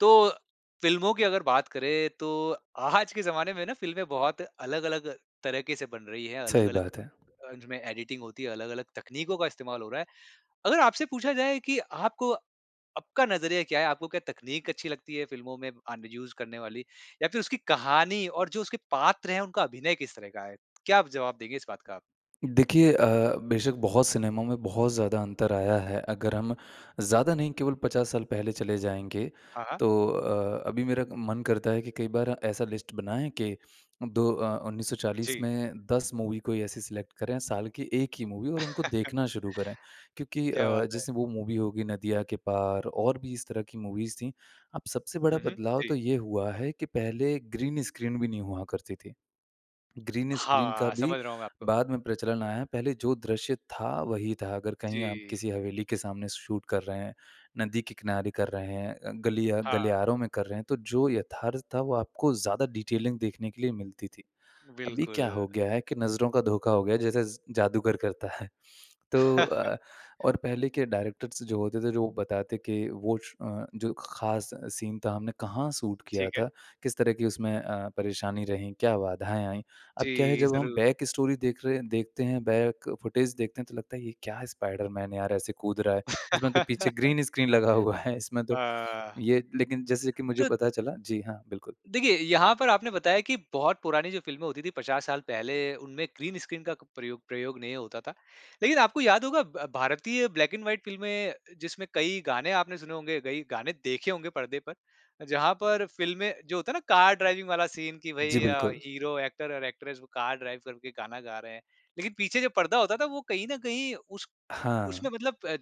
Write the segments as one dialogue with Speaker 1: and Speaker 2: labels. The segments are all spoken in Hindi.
Speaker 1: तो फ़िल्मों की अगर बात करें तो आज के ज़माने में ना फ़िल्में बहुत अलग-अलग तरह के से बन रही है
Speaker 2: सही
Speaker 1: अलग-अलग
Speaker 2: बात है।
Speaker 1: अ, जो में एडिटिंग होती है, अलग-अलग तकनीकों का इस्तेमाल हो रहा है। अगर आपसे पूछा जाए कि आपको आपका नज़रिया क्या है आपको क्या तकनीक अच्छी लगती है फ़िल्मों में आन यूज़ करने वाली? या फ़िर उसकी कहानी और जो उसके पात्र हैं उनका अभिनय किस तरह का है? क्या आप जवाब देंगे इस बात का?
Speaker 2: देखिए अ, बेशक बहुत सिनेमा में बहुत ज़्यादा अंतर आया है अगर हम ज़्यादा नहीं केवल 50 साल पहले चले जाएँगे
Speaker 1: हाँ, हाँ।
Speaker 2: तो अ, अभी मेरा मन करता है कि कई बार ऐसा लिस्ट बनाएँ कि 2 अ, 1940
Speaker 1: जी।
Speaker 2: में 10 मूवी कोई ऐसे सेलेक्ट करें साल की 1 ही मूवी और उनको देखना शुरू करें। क्योंकि
Speaker 1: क्या
Speaker 2: अ,
Speaker 1: बात है!
Speaker 2: जैसे वो मूवी होगी नदिया के पार और भी इस तरह की मूवीज़ थी। अब सबसे बड़ा
Speaker 1: हुँ, हुँ।
Speaker 2: बदलाव तो
Speaker 1: जी।
Speaker 2: ये हुआ है कि पहले ग्रीन स्क्रीन भी नहीं हुआ करती थी। ग्रीन स्क्रीन का
Speaker 1: हाँ,
Speaker 2: भी
Speaker 1: समझ रहा हूँ मैं आपको।
Speaker 2: बाद में प्रचलन आया पहले जो दृश्य था वही था अगर कहीं आप
Speaker 1: जी।
Speaker 2: किसी हवेली के सामने शूट कर रहे हैं, नदी के किनारे कर रहे हैं अ, गली या
Speaker 1: हाँ।
Speaker 2: गलियारों में कर रहे हैं, तो जो यथार्थ था वो आपको ज़्यादा डिटेलिंग देखने के लिए मिलती थी। अभी क्या
Speaker 1: बिल्कुल।
Speaker 2: हो गया है कि नज़रों का धोखा हो गया जैसे स जादूगर करता है तो अ, और पहले के डायरेक्टर्स जो होते थे जो बताते कि वो श अ, जो खास सीन था हमने कहाँ शूट किया
Speaker 1: ठीक
Speaker 2: था,
Speaker 1: है।
Speaker 2: किस तरह की उसमें अ, परेशानी रहीं, क्या बाधाएँ आईं। अब क्या है
Speaker 1: जी,
Speaker 2: जब हम
Speaker 1: ज़रूर।
Speaker 2: बैकस्टोरी देख रहे देखते हैं, बैक फुटेज देखते हैं तो फुटेज देख रहे हैं तो लगता है ये क्या है स्पाइडर मैन यार ऐसे कूद रहा है इसमें तो पीछे ग्रीन स्क्रीन लगा हुआ है इसमें तो।
Speaker 1: आह।
Speaker 2: ये लेकिन जैसे कि मुझे
Speaker 1: त
Speaker 2: पता चला जी हाँ, बिल्कुल।
Speaker 1: देखिए यहाँ पर आपने बताया कि बहुत पुरानी जो फ़िल्में होती थी 50 साल पहले उनमें ग्रीन स्क्रीन का प्रयो प्रयोग नहीं होता था। लेकिन आपको याद होगा ब भारतीय ब्लैक एंड वाइट फ़िल्में अ, जिसमें कई गाने आपने सुने होंगे, कई गाने देखे होंगे पर्दे पर, जहाँ पर फ़िल्में जो होता है ना कार ड्राइविंग वाला सीन कि
Speaker 2: जी
Speaker 1: भई अ,
Speaker 2: बिल्कुल।
Speaker 1: हीरो, एक्टर और एक्ट्रेस वो कार ड्राइव करके गाना गा रहे हैं। लेकिन पीछे जो पर्दा होता था वो कहीं न कहीं उस
Speaker 2: हाँ।
Speaker 1: उसमें मतलब प अ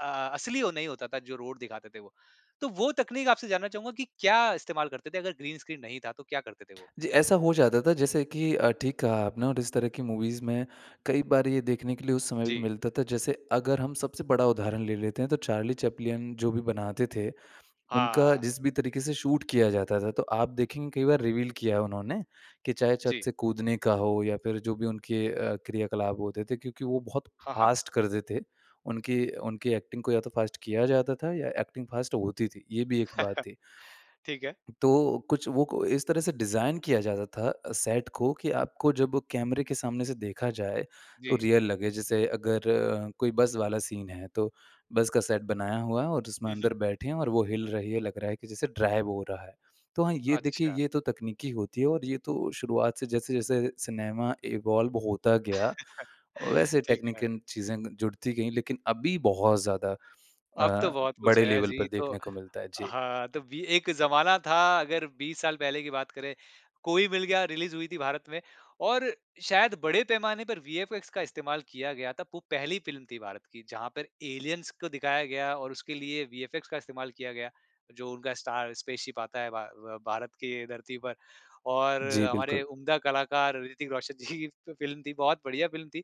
Speaker 1: अ, असली वो नहीं होता था जो रोड दिखाते थे वो। तो वो तकनीक आपसे जानना चाहूँगा कि क्या इस्तेमाल करते थे अगर ग्रीन स्क्रीन नहीं था, तो क्या करते थे वो?
Speaker 2: जी ऐसा हो जाता था जैसे कि अ, ठीक कहा आपने और इस तरह की मूवीज़ में कई बार ये देखने के लिए उस समय भी
Speaker 1: जी।
Speaker 2: मिलता था जैसे अगर हम सबसे बड़ा उदाहरण ले लेते हैं तो चार्ली चैपलिन जो भी बनाते थे उनका
Speaker 1: हाँ।
Speaker 2: जिस भी तरीके से शूट किया जाता था। तो आप देखेंगे कई बार रिवील किया उन्होंने कि चाहे छत
Speaker 1: जी।
Speaker 2: से कूदने का हो या फ़िर जो भी उनके अ, क्रियाकलाप होते थे क्योंकि वो बहुत
Speaker 1: हाँ, हाँ।
Speaker 2: फ़ास्ट करते थे। उनकी उनकी एक्टिंग को या तो फ़ास्ट किया जाता था या एक्टिंग फ़ास्ट होती थी। ये भी एक बात ही।
Speaker 1: ठीक है।
Speaker 2: तो कुछ वो कु इस तरह से डिज़ाइन किया जाता था सेट को कि आपको जब कैमरे के सामने से देखा जाए तो
Speaker 1: जी।
Speaker 2: रियल लगे। जैसे अगर कोई बस वाला सीन है तो बस का सेट बनाया हुआ है और उसमें
Speaker 1: हुँ, हुँ।
Speaker 2: अंदर बैठे हैं और वो हिल रही है लग रहा है कि जैसे ड्राइव हो रहा है। तो हाँ ये देखिए
Speaker 1: अच्छा।
Speaker 2: ये तो तकनीकी होती है और ये तो शुरुआत से जैसे-जैसे सिनेमा इवॉल्व होता गया वैसे
Speaker 1: ठीक है।
Speaker 2: टेक्निकल चीज़े ग जुड़ती गई लेकिन अभी बहुत ज़्यादा
Speaker 1: अब तो
Speaker 2: अ,
Speaker 1: बहुत कुछ
Speaker 2: बड़े
Speaker 1: है
Speaker 2: लेवल
Speaker 1: जी
Speaker 2: पर
Speaker 1: तो,
Speaker 2: देखने को मिलता है। जी।
Speaker 1: हाँ तो बी एक जमाना था अगर 20 साल पहले की बात करें। कोई मिल गया रिलीज़ हुई थी भारत में और शायद बड़े पैमाने पर वीएफएक्स का इस्तेमाल किया गया था वो पहली फ़िल्म थी भारत की जहाँ पर एलियंस को दिखाया गया और उसके लिए वीएफएक्स का इस्तेमाल किया गया। जो उनका स्टार स्पेसशिप आता है भा अ, भारत के धरती पर और
Speaker 2: जी
Speaker 1: हमारे
Speaker 2: बिल्कुल।
Speaker 1: उम्दा कलाकार ऋतिक रोशन जी की फ़िल्म थी बहुत बढ़िया फ़िल्म थी।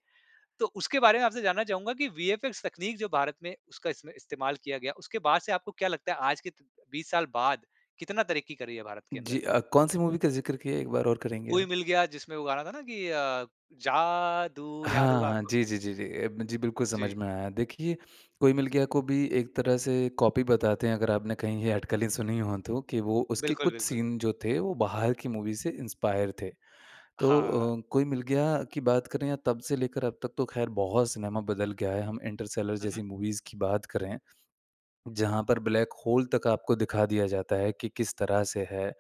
Speaker 1: तो उसके बारे में आपसे जानना चाहूँगा कि वीएफएक्स तकनीक जो भारत में उसका इसमें इस्तेमाल किया गया उसके बाद से आपको क्या लगता है आज के त 20 साल बाद कितना तरक्की कर रही है भारत के अंदर?
Speaker 2: जी अ, कौन सी मूवी का ज़िक्र किया एक बार और करेंगे
Speaker 1: कोई
Speaker 2: आप?
Speaker 1: मिल गया जिसमें वो गाना था न कि अ, जादू याद
Speaker 2: हाँ,
Speaker 1: होगा
Speaker 2: हाँ।
Speaker 1: आपको?
Speaker 2: जी, जी, जी, ए म जी बिल्कुल समझ
Speaker 1: जी।
Speaker 2: में आया देखिए कोई मिल गया को भी एक तरह से कॉपी बताते हैं अगर आपने कहीं ये अटकलें सुनी हों तो कि वो उसके
Speaker 1: बिल्कुल,
Speaker 2: कुछ
Speaker 1: बिल्कुल।
Speaker 2: सीन जो थे वो बाहर की मूवी से इंस्पायर थे। तो
Speaker 1: हाँ।
Speaker 2: अ, कोई मिल गया की बात करें या तब से लेकर अब तक तो ख़ैर बहुत सिनेमा बदल गया है। हम इंटरस्टेलर जैसी
Speaker 1: उहुँ।
Speaker 2: मूवीज़ की बात करें, जहाँ पर ब्लैक होल तक आपको दिखा दिया जाता है कि किस तरह से है,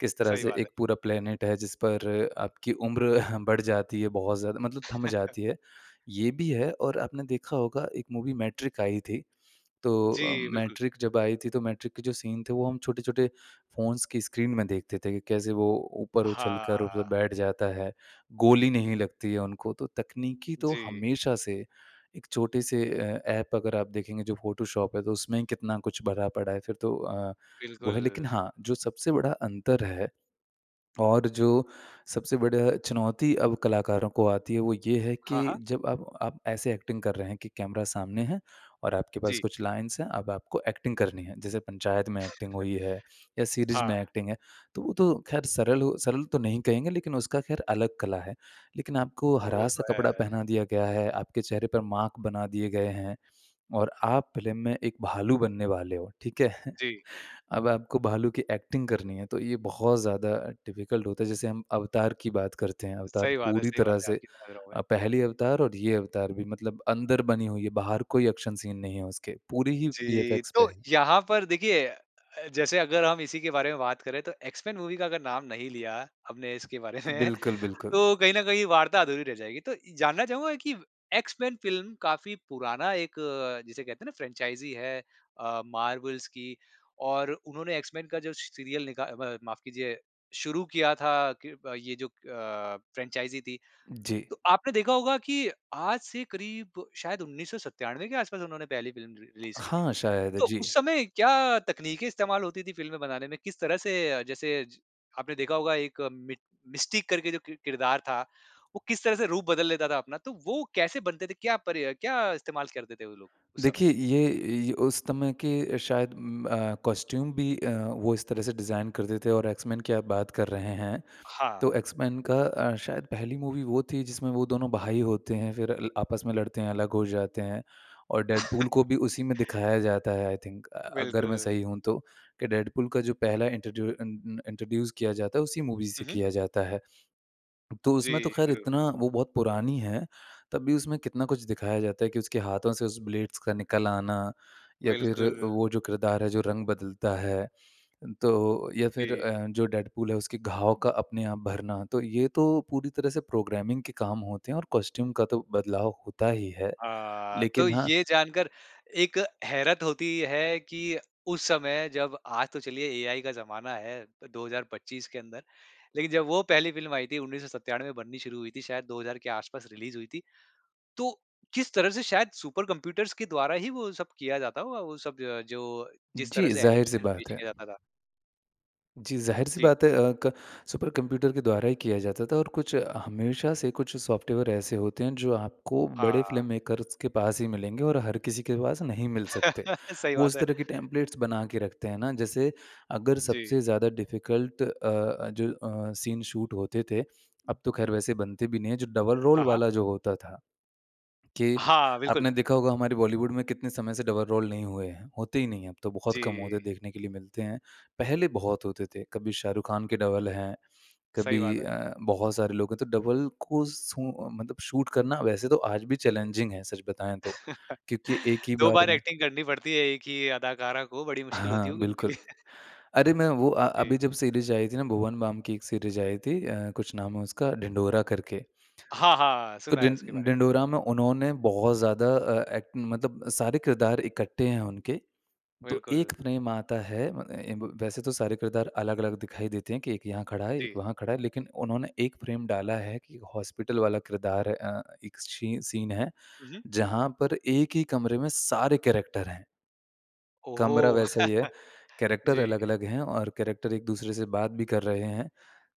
Speaker 2: किस तरह
Speaker 1: सही
Speaker 2: से
Speaker 1: बात है।
Speaker 2: एक पूरा प्लेनेट है जिस पर आपकी उम्र बढ़ जाती है बहुत ज़्यादा मतलब थम जाती है। ये भी है और आपने देखा होगा एक मूवी मैट्रिक्स आई थी, तो अ,
Speaker 1: जी बिल्कुल।
Speaker 2: मैट्रिक्स जब आई थी तो मैट्रिक्स के जो सीन थे वो हम छोटे-छोटे फ़ोन्स की स्क्रीन में देखते थे कि कैसे वो ऊपर उछल कर मतलब
Speaker 1: हाँ।
Speaker 2: बैठ जाता है, गोली नहीं लगती है उनको। तो तकनीकी तो
Speaker 1: जी।
Speaker 2: हमेशा से एक छोटे से अ, ऐप अगर आप देखेंगे जो फोटोशॉप है तो उसमें कितना कुछ भरा पड़ा है फ़िर तो अ, वो है लेकिन
Speaker 1: बिल्कुल।
Speaker 2: हाँ जो सबसे बड़ा अंतर है और जो सबसे बड़ा चुनौती अब कलाकारों को आती है वो ये है कि
Speaker 1: हाँ, हाँ।
Speaker 2: जब आप आप ऐसे एक्टिंग कर रहे हैं कि कैमरा सामने है और आपके पास
Speaker 1: जी।
Speaker 2: कुछ लाइन्स है अब आपको एक्टिंग करनी है जैसे पंचायत में एक्टिंग हुई है या सीरीज़
Speaker 1: हाँ।
Speaker 2: में एक्टिंग है तो वो तो ख़ैर सरल हो, सरल तो नहीं कहेंगे लेकिन उसका ख़ैर अलग कला है। लेकिन आपको हरा
Speaker 1: वो तो
Speaker 2: सा कपड़ा
Speaker 1: है।
Speaker 2: पहना दिया गया है आपके चेहरे पर मार्क बना दिए गए हैं और आप फ़िल्म में एक भालू बनने वाले हो ठीक है,
Speaker 1: जी।
Speaker 2: अब आपको भालू की एक्टिंग करनी है तो ये बहुत ज़्यादा डिफिकल्ट होता है जैसे हम अवतार की बात करते हैं अवतार
Speaker 1: सही बात है,
Speaker 2: पूरी
Speaker 1: सही बात
Speaker 2: तरह
Speaker 1: है
Speaker 2: से
Speaker 1: आपकी समझ रहा हूँ मैं।
Speaker 2: अ, पहली अवतार और ये अवतार भी मतलब अंदर बनी हुई है बाहर कोई एक्शन सीन नहीं है उसके, पूरी ही
Speaker 1: जी
Speaker 2: वीएफएक्स पे
Speaker 1: तो
Speaker 2: है।
Speaker 1: यहाँ पर देखिए अ, जैसे अगर हम इसी के बारे में बात करें तो एक्स-मेन मूवी का अगर नाम नहीं लिया हमने इसके बारे में
Speaker 2: बिल्कुल, बिल्कुल।
Speaker 1: तो कहीं न कहीं वार्ता अधूरी रह जाएगी। तो जानना चाहूँगा कि एक्स-मेन फ़िल्म काफ़ी पुराना एक जिसे कहते हैं ना फ्रैंचाइज़ी है अ, मार्वल्स की। और उन्होंने एक्स-मेन का जो स सीरियल निका म माफ़ कीजिए शुरू किया था कि प ये जो अ, फ्रैंचाइज़ी थी
Speaker 2: जी।
Speaker 1: तो आपने देखा होगा कि आज से करीब शायद 1997 के आस-पास उन्होंने पहली फ़िल्म रि रिलीज़ की थी।
Speaker 2: हाँ, शायद
Speaker 1: तो
Speaker 2: जी।
Speaker 1: उस समय क्या तकनीकें इस्तेमाल होती थी फ़िल्में बनाने में, किस तरह से अ, जैसे ज आपने देखा होगा एक मि मिस्टिक करके जो किर किरदार था वो किस तरह से रूप बदल लेता था अपना, तो वो कैसे बनते थे? क्या पर या क्या इस्तेमाल करते थे वो लोग, उस समय?
Speaker 2: देखिए ये ये उस समय के शायद उम्म, अ, कॉस्ट्यूम भी अ, वो इस तरह से डिज़ाइन करते थे और एक्स-मेन की बात कर रहे हैं
Speaker 1: हाँ।
Speaker 2: तो एक्स-मेन का अ, शायद पहली मूवी वो थी जिसमें वो दोनों भाई होते हैं। फिर ल आपस में लड़ते हैं अलग हो जाते हैं और डेडपूल को भी उसी में दिखाया जाता है आई थिंक अ, अगर मैं
Speaker 1: बिल्कुल।
Speaker 2: सही हूँ तो कि डेडपूल का जो पहला इंट्रोड्यू अ न अ, इंट्रोड्यूस किया जाता है उसी मूवी से
Speaker 1: हुँ, हुँ।
Speaker 2: किया जाता है। तो उसमें तो
Speaker 1: जी
Speaker 2: ख़ैर
Speaker 1: ज़रूर।
Speaker 2: इतना वो बहुत पुरानी है तब भी उसमें कितना कुछ दिखाया जाता है कि उसके हाथों से उस ब्लेड्स का निकल आना या फ़िर
Speaker 1: बिल्कुल।
Speaker 2: वो जो किरदार है जो रंग बदलता है तो या फ़िर
Speaker 1: जी।
Speaker 2: अ, जो डेडपूल है उसके घाव का अपने आप भरना। तो ये तो पूरी तरह से प्रोग्रामिंग के काम होते हैं और कॉस्ट्यूम का तो बदलाव होता ही है।
Speaker 1: हाँ, तो
Speaker 2: लेकिन हाँ
Speaker 1: ये जानकार एक हैरत होती है कि उस समय जब आज तो चलिए एआई का जमाना है तो 2025 के अंदर लेकिन जब वो पहली फ़िल्म आई थी 1997 बननी शुरू हुई थी शायद 2000 के आस-पास रिलीज़ हुई थी। तो किस तरह से शायद सुपर कंप्यूटर्स के द्वारा ही वो सब किया जाता होगा वो सब द जो जिस तरह
Speaker 2: जी,
Speaker 1: से
Speaker 2: ज़ाहिर-सी
Speaker 1: एनिमेशन्स
Speaker 2: बात
Speaker 1: पेश
Speaker 2: है।
Speaker 1: किया जाता था।
Speaker 2: जी ज़ाहिर-सी
Speaker 1: जी।
Speaker 2: बात है अ, क सुपर कंप्यूटर के द्वारा ही किया जाता था और कुछ हमेशा से कुछ सॉफ्टवेयर ऐसे होते हैं जो आपको बड़े फ़िल्म
Speaker 1: हाँ।
Speaker 2: मेकर्स के पास ही मिलेंगे और हर किसी के पास नहीं मिल सकते।
Speaker 1: सही
Speaker 2: वो
Speaker 1: बात
Speaker 2: इस
Speaker 1: है।
Speaker 2: तरह के टेम्पलेट्स बनाकर रखते हैं ना जैसे अगर
Speaker 1: जी।
Speaker 2: सबसे ज़्यादा डिफिकल्ट अ अ, जो अ, सीन शूट होते थे। अब तो ख़ैर वैसे बनते भी नहीं है जो डबल रोल
Speaker 1: हाँ, हाँ।
Speaker 2: वाला जो होता था कि
Speaker 1: हाँ, बिल्कुल।
Speaker 2: आपने देखा होगा हमारी बॉलीवुड में कितने समय से डबल रोल नहीं हुए हैं, होते ही नहीं है अब तो बहुत कम होते
Speaker 1: जी।
Speaker 2: देखने के लिए मिलते हैं। पहले बहुत होते थे, कभी शाहरुख़ ख़ान के डबल हैं,
Speaker 1: सही बात
Speaker 2: कभी
Speaker 1: है।
Speaker 2: अ, बहुत सारे लोग हैं तो डबल को सू मतलब शूट करना वैसे तो आज भी चैलेंजिंग है सच बताएँ तो क्योंकि एक ही
Speaker 1: 2
Speaker 2: बार
Speaker 1: बार
Speaker 2: में
Speaker 1: एक्टिंग करनी पड़ती है, 1 ही अदाकारा को बड़ी मुश्किल होती
Speaker 2: हाँ
Speaker 1: होगी उनके
Speaker 2: बिल्कुल।
Speaker 1: लिए।
Speaker 2: अरे मैं वो अ,
Speaker 1: जी।
Speaker 2: अभी जब सीरीज़ आई थी ना भुवन बाम की एक सीरीज़ आई थी अ, कुछ नाम है उसका ढिंढोरा करके।
Speaker 1: हाँ, हाँ
Speaker 2: तो
Speaker 1: सुना है उसके
Speaker 2: ढिं
Speaker 1: बारे में।
Speaker 2: ढिंढोरा में उन्होंने बहुत ज़्यादा अ ए मतलब सारे किरदार इकट्ठे हैं उनके, तो
Speaker 1: बिल्कुल।
Speaker 2: 1 फ्रेम आता है म एं ब वैसे तो सारे किरदार अलग-अलग दिखाई देते हैं कि एक यहाँ खड़ा है एक
Speaker 1: जी।
Speaker 2: वहाँ खड़ा है लेकिन उन्होंने 1 फ्रेम डाला है कि हॉस्पिटल वाला किरदार है अ, एक छीं सीन है
Speaker 1: हुँ, हुँ।
Speaker 2: जहाँ पर 1 ही कमरे में सारे कैरेक्टर हैं।
Speaker 1: ओह हो!
Speaker 2: कमरा वैसा ही है, कैरेक्टर
Speaker 1: जी।
Speaker 2: अलग-अलग हैं और कैरेक्टर एक-दूसरे से बात भी कर रहे हैं।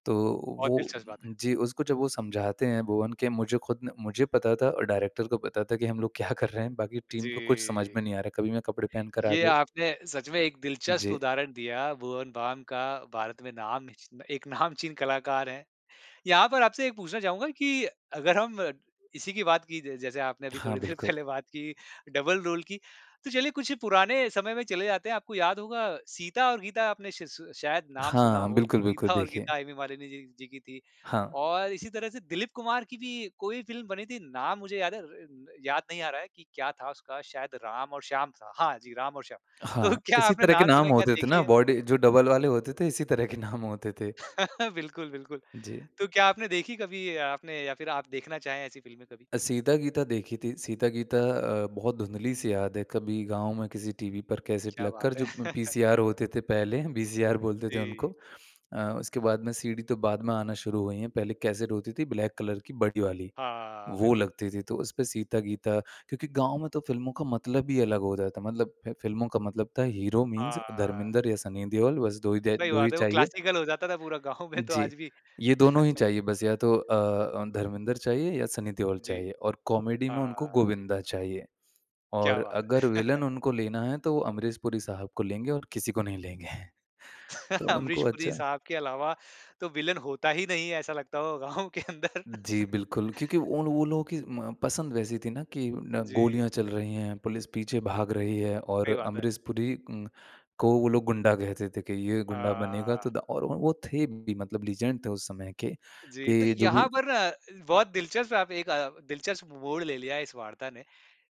Speaker 2: तो
Speaker 1: बहुत
Speaker 2: वो
Speaker 1: दिलचस्प बात है।
Speaker 2: जी उसको जब वो समझाते हैं भुवन के मुझे ख़ुद ने मुझे पता था और डायरेक्टर को पता था कि हम लोग क्या कर रहे हैं बाकी टीम को कुछ समझ
Speaker 1: जी।
Speaker 2: में नहीं आ रहा है। कभी मैं कपड़े पहनकर आ
Speaker 1: ये
Speaker 2: गए
Speaker 1: आपने सच में एक दिलचस्प
Speaker 2: जी।
Speaker 1: उदाहरण दिया भुवन बाम का भारत में नामची एक नामचीन कलाकार हैं। यहाँ पर आपसे एक पूछना चाहूँगा कि अगर हम इसी की बात की ज जैसे आपने अभी
Speaker 2: हाँ,
Speaker 1: थोड़ी देर
Speaker 2: बिल्कुल।
Speaker 1: पहले बात की डबल रोल की, तो चलिए कुछ पुराने समय में चले जाते हैं आपको याद होगा सीता और गीता आपने श श शायद नाम सुना
Speaker 2: हाँ
Speaker 1: हो,
Speaker 2: बिल्कुल, बिल्कुल
Speaker 1: सीता और
Speaker 2: देखिए।
Speaker 1: गीता हेमा मालिनी जी जी की थी
Speaker 2: हाँ।
Speaker 1: और इसी तरह से दिलीप कुमार की भी कोई फ़िल्म बनी थी, नाम मुझे याद है र र याद नहीं आ रहा है कि क्या था उसका शायद राम और श्याम था, हाँ जी राम और श्याम। तो
Speaker 2: हाँ।
Speaker 1: क्या
Speaker 2: इसी
Speaker 1: आपने
Speaker 2: तरह के
Speaker 1: नाम
Speaker 2: नाम
Speaker 1: सुना, क्या
Speaker 2: होते थे ना
Speaker 1: देखी है?
Speaker 2: बॉडी जो डबल वाले होते थे इसी तरह के नाम होते थे।
Speaker 1: बिल्कुल, बिल्कुल।
Speaker 2: जी।
Speaker 1: तो क्या आपने देखी कभी अ, आपने या फ़िर आप देखना चाहें ऐसी फ़िल्में कभी?
Speaker 2: अ, सीता-गीता देखी थी सीता-गीता अ, बहुत धुँधली-सी याद है कभी गाँव में किसी टीवी पर कैसेट
Speaker 1: क्या
Speaker 2: लगकर
Speaker 1: बात है
Speaker 2: जो म पीसीआर होते थे पहले वीसीआर बोलते थे उनको।
Speaker 1: जी।
Speaker 2: अ, उसके बाद में सीडी तो बाद में आना शुरू हुई हैं। पहले कैसेट होती थी ब्लैक कलर की बड़ी वाली।
Speaker 1: हाँ
Speaker 2: वो
Speaker 1: बिल्कुल।
Speaker 2: लगती थी तो उस पे सीता-गीता क्योंकि गाँव में तो फिल्मों का मतलब ही अलग हो जाता मतलब है फिल्मों का मतलब था हीरो मीन्स
Speaker 1: हाँ।
Speaker 2: धर्मेन्द्र या सनी देओल बस 2 ही द
Speaker 1: सही
Speaker 2: 2 ही
Speaker 1: बात है। वो
Speaker 2: चाहिए।
Speaker 1: क्लासिकल हो जाता था पूरा गाँव में तो
Speaker 2: जी।
Speaker 1: आज भी।
Speaker 2: ये दोनों ही चाहिए बस या तो अ, अ, धर्मेन्द्र चाहिए या सनी देओल
Speaker 1: जी।
Speaker 2: चाहिए और कॉमेडी में
Speaker 1: हाँ।
Speaker 2: उनको गोविन्दा चाहिए।
Speaker 1: क्या
Speaker 2: और
Speaker 1: बात है!
Speaker 2: अगर विलन उनको लेना है तो वो अमरीश पुरी साहब को लेंगे और किसी को नहीं लेंगे तो उनको
Speaker 1: अमरीश पुरी
Speaker 2: अच्छा
Speaker 1: साहब के अलावा तो विलन होता ही नहीं है, ऐसा लगता होगा गाँव के अंदर।
Speaker 2: जी बिल्कुल क्योंकि उन वो लोगों की म पसंद वैसी थी ना कि
Speaker 1: अ,
Speaker 2: न
Speaker 1: जी।
Speaker 2: गोलियाँ चल रही हैं पुलिस पीछे भाग रही है और
Speaker 1: सही बात है।
Speaker 2: अमरीश पुरी उम, को वो लोग गुंडा कहते थे कि ये गुंडा बनेगा तो
Speaker 1: हाँ।
Speaker 2: द और वो वो थे भी मतलब लीजेंड थे उस समय के
Speaker 1: जी। तो
Speaker 2: कि जो
Speaker 1: यहाँ
Speaker 2: भी
Speaker 1: पर ना अ, बहुत दिलचस्प आप एक अ, दिलचस्प मोड़ ले लिया है इस वार्ता ने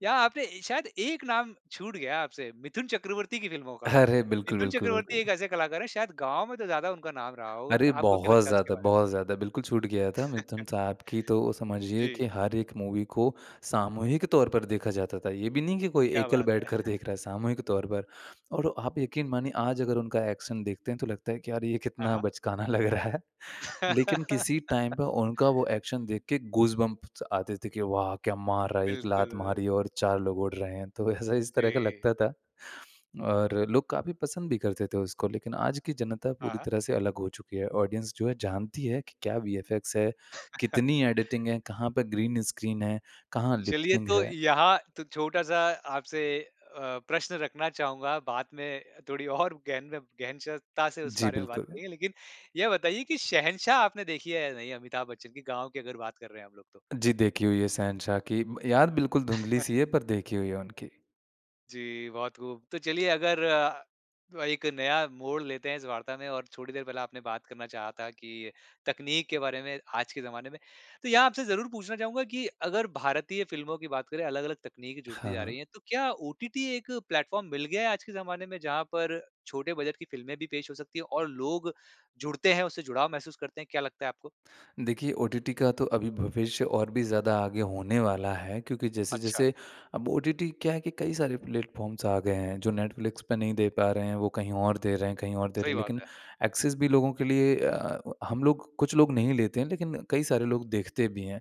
Speaker 1: यहाँ आपने ए शायद एक नाम छूट गया आपसे मिथुन चक्रवर्ती की फ़िल्मों का।
Speaker 2: अरे बिल्कुल,
Speaker 1: मिथुन
Speaker 2: बिल्कुल,
Speaker 1: चक्रवर्ती एक
Speaker 2: बिल्कुल।
Speaker 1: ऐसे कलाकार हैं शायद गाँव में तो ज़्यादा उनका नाम रहा होगा।
Speaker 2: अरे!
Speaker 1: क आपको क्या
Speaker 2: बहुत
Speaker 1: लगता है उसके
Speaker 2: ज़्यादा,
Speaker 1: बारे में?
Speaker 2: बहुत ज़्यादा बिल्कुल छूट गया था। मिथुन साहब की तो समझिए
Speaker 1: जी।
Speaker 2: कि हर एक मूवी को सामूहिक तौर पर देखा जाता था। ये भी नहीं कि कोई
Speaker 1: क्या
Speaker 2: एकल
Speaker 1: बात है।
Speaker 2: बैठकर देख रहा है सामूहिक तौर पर और आप यकीन मानिए आज अगर उनका एक्शन देखते हैं तो लगता है कि यार ये
Speaker 1: हाँ,
Speaker 2: कितना
Speaker 1: हाँ।
Speaker 2: बचकाना लग रहा है लेकिन किसी टाइम पे उनका वो एक्शन देखकर गूसबम्प्स आते थे कि वाह क्या मार रहा है! 1 लात
Speaker 1: बिल्कुल।
Speaker 2: मारी और 4 लोग उड़ रहे हैं तो ऐसा इस तरह का
Speaker 1: जी।
Speaker 2: लगता था। और लोग काफ़ी पसंद भी करते थे उसको, लेकिन आज की जनता
Speaker 1: हाँ,
Speaker 2: पूरी
Speaker 1: हाँ।
Speaker 2: तरह से अलग हो चुकी है। ऑडियंस जो है जानती है कि क्या वीएफएक्स है, कितनी एडिटिंग है, कहाँ पर ग्रीन स्क्रीन है, कहाँ
Speaker 1: चलिए
Speaker 2: लिप्सिंग
Speaker 1: तो
Speaker 2: है।
Speaker 1: यहाँ तो छोटा-सा आपसे अ, प्रश्न रखना चाहूँगा, बाद में थोड़ी और गहन में, गहन श ता से उस
Speaker 2: जी
Speaker 1: बारे में बात
Speaker 2: बिल्कुल।
Speaker 1: करेंगे। लेकिन यह बताइए कि शहंशाह आपने देखी है या नहीं अमिताभ बच्चन की? गाँव की अगर बात कर रहे हैं हम लोग तो।
Speaker 2: जी देखी हुई है, शहंशाह की याद बिल्कुल धुँधली सी है पर देखी हुई है उनकी।
Speaker 1: जी बहुत खूब। तो चलिए अगर अ, एक नया मोड़ लेते हैं इस वार्ता में और थोड़ी देर पहले आपने बात करना चाहा था कि तकनीक के बारे में आज के ज़माने में। तो यहाँ आपसे ज़रूर पूछना चाहूँगा कि अगर भारतीय फ़िल्मों की बात करें अलग-अलग तकनीक जुड़ती
Speaker 2: हाँ,
Speaker 1: जा
Speaker 2: हाँ।
Speaker 1: रही है तो क्या ओटीटी एक प्लेटफ़ॉर्म मिल गया आज के ज़माने में जहाँ पर छोटे बजट की फ़िल्में भी पेश हो सकती है? और लोग जुड़ते हैं उसे जुड़ाव महसूस करते हैं, क्या लगता है आपको?
Speaker 2: देखिए ओटीटी का तो अभी भविष्य और भी ज़्यादा आगे होने वाला है क्योंकि
Speaker 1: अच्छा।
Speaker 2: जैसे-जैसे अब ओटीटी क्या है कि कई सारे प्लेटफ़ॉर्म्स आ गए हैं जो नेटफ्लिक्स पे नहीं दे पा रहे हैं वो कहीं और दे रहे हैं कहीं और दे
Speaker 1: सही
Speaker 2: रहे
Speaker 1: बात
Speaker 2: लेकिन
Speaker 1: है।
Speaker 2: एक्सेस भी लोगों के लिए अ, हम लोग कुछ लोग नहीं लेते हैं लेकिन कई सारे लोग देखते भी हैं।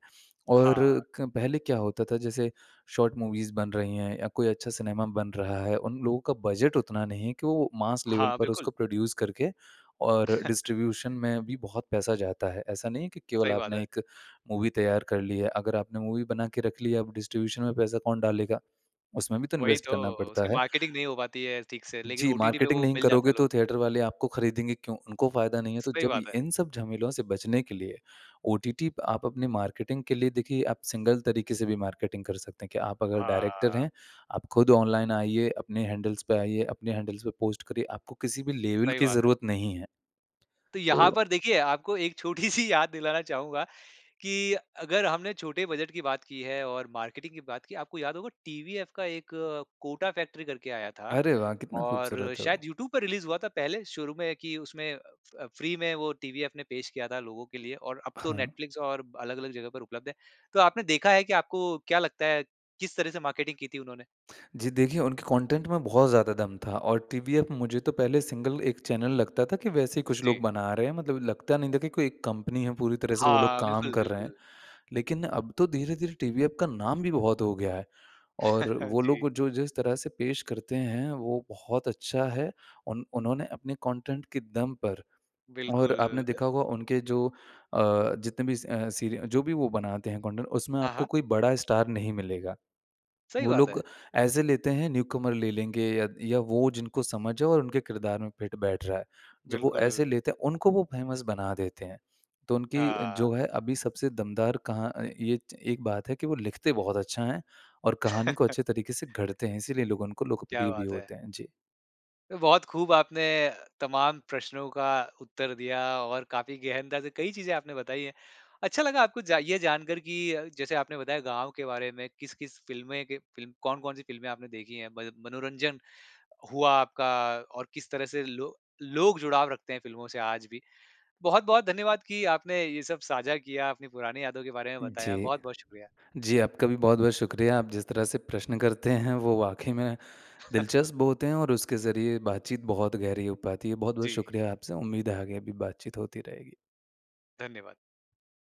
Speaker 2: और
Speaker 1: हाँ।
Speaker 2: क पहले क्या होता था जैसे शार्ट मूवीज़ बन रही हैं या कोई अच्छा सिनेमा बन रहा है, उन लोगों का बजट उतना नहीं हैं कि वो मास लेवल
Speaker 1: हाँ,
Speaker 2: पर
Speaker 1: बिल्कुल।
Speaker 2: उसको प्रोड्यूस करके और डिस्ट्रीब्यूशन में भी बहुत पैसा जाता है। ऐसा नहीं है की केवल
Speaker 1: सही बात
Speaker 2: आपने
Speaker 1: है।
Speaker 2: एक मूवी तैयार कर ली है अगर आपने मूवी बनाकर रख लिया अब डिस्ट्रीब्यूशन में पैसा कौन डालेगा, उसमें भी तो
Speaker 1: वही
Speaker 2: इन्वेस्ट करना
Speaker 1: तो, उसकी
Speaker 2: पड़ता है।
Speaker 1: मार्केटिंग नहीं हो पाती है ठीक से लेकिन
Speaker 2: जी
Speaker 1: ओटीटी पे
Speaker 2: मार्केटिंग
Speaker 1: वो
Speaker 2: नहीं
Speaker 1: मिल जाता
Speaker 2: करोगे
Speaker 1: है लोगों
Speaker 2: तो
Speaker 1: को।
Speaker 2: थिएटर वाले आपको खरीदेंगे क्यों उनको फ़ायदा नहीं है। तो
Speaker 1: सही
Speaker 2: जब
Speaker 1: बात है।
Speaker 2: इन सब झमेलों से बचने के लिए ओटीटी आप अपने मार्केटिंग के लिए देखिए आप सिंगल तरीके से भी मार्केटिंग कर सकते हैं कि आप अगर डायरेक्टर
Speaker 1: हाँ।
Speaker 2: हैं आप ख़ुद ऑनलाइन आइए अपने हैंडल्स पे आइए अपने हैंडल्स पे पोस्ट करिए आपको किसी भी लेवल
Speaker 1: सही
Speaker 2: की
Speaker 1: बात है।
Speaker 2: ज़रूरत नहीं है।
Speaker 1: तो यहाँ
Speaker 2: तो
Speaker 1: पर देखिए आपको एक छोटी सी याद दिलाना चाहूँगा कि अगर हमने छोटे बजट की बात की है और मार्केटिंग की बात की है आपको याद होगा टीवीएफ का एक कोटा फैक्ट्री करके आया था।
Speaker 2: अरे वाह! कितना
Speaker 1: और
Speaker 2: खूबसूरत है वो।
Speaker 1: शायद यूट्यूब पे रिलीज़ हुआ था पहले शुरू में कि उसमें अ अ, फ़्री में वो टीवीएफ ने पेश किया था लोगों के लिए और अब तो
Speaker 2: हाँ।
Speaker 1: नेटफ़्लिक्स और ब अलग-अलग जगह पर उपलब्ध है। तो आपने देखा है कि आपको क्या लगता है किस तरह से मार्केटिंग की थी उन्होंने?
Speaker 2: जी देखिए उनके कंटेंट में बहुत ज़्यादा दम था और टीवीएफ मुझे तो पहले सिंगल एक चैनल लगता था कि वैसे कुछ लोग
Speaker 1: जी।
Speaker 2: बना रहे हैं मतलब लगता नहीं था कि कोई एक कंपनी है पूरी तरह से वो लोग
Speaker 1: हाँ,
Speaker 2: काम
Speaker 1: बिल्कुल,
Speaker 2: कर रहे हैं।
Speaker 1: बिल्कुल।
Speaker 2: लेकिन अब तो धीरे-धीरे टीवीएफ का नाम भी बहुत हो गया है। और वो
Speaker 1: जी।
Speaker 2: लोग जो जिस तरह से पेश करते हैं वो बहुत अच्छा है। उन उन्होंने अपने कंटेंट के दम पर
Speaker 1: बिल्कुल
Speaker 2: और आपने
Speaker 1: ल
Speaker 2: देखा होगा उनके जो अ, जितने भी स अ, सीरि जो भी वो बनाते हैं कंटेंट उसमें
Speaker 1: हाँ,
Speaker 2: आपको
Speaker 1: हाँ।
Speaker 2: कोई बड़ा स्टार नहीं मिलेगा।
Speaker 1: सही
Speaker 2: वो
Speaker 1: बात
Speaker 2: लोग
Speaker 1: है।
Speaker 2: ऐसे लेते हैं न्यूकमर ले लेंगे या त या वो जिनको समझ है और उनके किरदार में फिट बैठ रहा है। जब वो
Speaker 1: बिल्कुल।
Speaker 2: ऐसे लेते हैं उनको वो फेमस बना देते हैं, तो उनकी
Speaker 1: हाँ।
Speaker 2: जो है अभी सबसे दमदार कहाँ अ, ये च एक बात है कि वो लिखते बहुत अच्छा हैं और कहानी को अच्छे तरीके से घड़ते हैं। इसीलिए लोग उनको
Speaker 1: क्या
Speaker 2: लोकप्रिय भी
Speaker 1: बात है!
Speaker 2: होते हैं। जी।
Speaker 1: बहुत खूब आपने तमाम प्रश्नों का उत्तर दिया और काफ़ी गहनता से कई चीज़ें आपने बताई है। अच्छा लगा आपको जा ये जानकर कि जैसे आपने बताया गाँव के बारे में किस-किस फ़िल्में के फ़िल्म कौन-कौन सी फ़िल्म आपने देखी हैं म मनोरंजन हुआ आपका और किस तरह से लो लोग जुड़ाव रखते हैं फ़िल्मों से आज भी। बहुत-बहुत धन्यवाद कि आपने ये सब साझा किया, आपने पुरानी यादों के बारे में बताया।
Speaker 2: जी।
Speaker 1: बहुत-बहुत शुक्रिया।
Speaker 2: जी आपका भी बहुत-बहुत शुक्रिया, आप जिस तरह से प्रश्न करते हैं वो वाक़ई में दिलचस्प बहुत हैं और उसके ज़रिए बातचीत बहुत गहरी हो पाती है। बहुत-बहुत
Speaker 1: जी।
Speaker 2: शुक्रिया आपसे उम्मीद है आगे अभी बातचीत होती रहेगी।
Speaker 1: धन्यवाद!